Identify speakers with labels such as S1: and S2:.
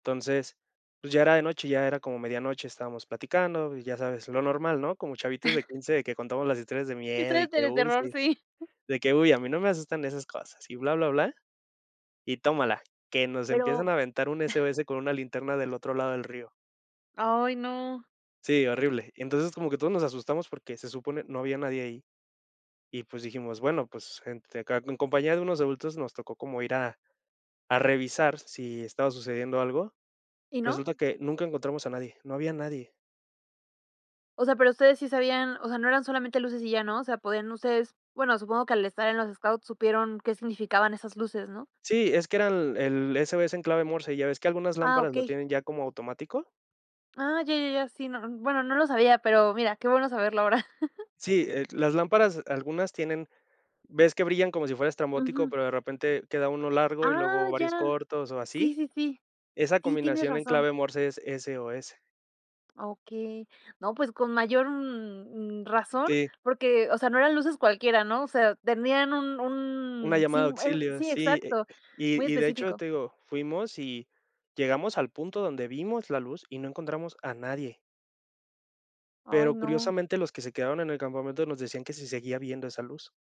S1: Entonces, pues ya era de noche, ya era como medianoche, estábamos platicando y ya sabes, lo normal, ¿no?, como chavitos de 15 que contamos las historias de miedo
S2: Historias
S1: y
S2: de
S1: que,
S2: de
S1: uy,
S2: terror,
S1: sí
S2: sí.
S1: de que: "Uy a mí no me asustan esas cosas", y bla bla bla y tómala, que nos empiezan
S2: Pero
S1: a aventar un SOS con una linterna del otro lado del río.
S2: Ay, no.
S1: Sí, horrible. Entonces como que todos nos asustamos porque se supone no había nadie ahí y pues dijimos, bueno, pues gente acá en compañía de unos adultos nos tocó como ir a a revisar si estaba sucediendo algo,
S2: ¿Y no?
S1: resulta que nunca encontramos a nadie, no había nadie.
S2: O sea, pero ustedes sí sabían o sea, no eran solamente luces y ya, ¿no?, o sea, podían ustedes bueno, supongo que al estar en los scouts supieron qué significaban esas luces, ¿no?
S1: Sí, es que era el el SOS en clave Morse, ¿ya ves que algunas
S2: Ah,
S1: lámparas lo
S2: okey.
S1: tienen ya como automático?
S2: Ah, ya, ya, ya, sí, no bueno, no lo sabía, pero mira, qué bueno saberlo ahora.
S1: Sí, eh, las lámparas, algunas tienen ¿ves que brillan como si fuera estrambótico,
S2: Ujú.
S1: pero de repente queda uno largo y
S2: Ah,
S1: luego varios
S2: ya.
S1: cortos o
S2: Sí,
S1: así?
S2: sí, sí.
S1: Esa
S2: Sí, tienes
S1: combinación en
S2: razón.
S1: clave Morse es SOS.
S2: Okey. No, pues, con mayor, mm, razón,
S1: Sí.
S2: porque, o sea, no eran luces cualquiera, ¿no?, o sea, tenían un
S1: Una
S2: un,
S1: llamada de
S2: sim e
S1: auxilio,
S2: sí,
S1: sí,
S2: exacto, muy
S1: y y de hecho
S2: específico.
S1: te digo, fuimos y llegamos al punto donde vimos la luz y no encontramos a nadie.
S2: Ay,
S1: Pero
S2: no.
S1: curiosamente los que se quedaron en el campamento nos decían que se seguía viendo esa luz.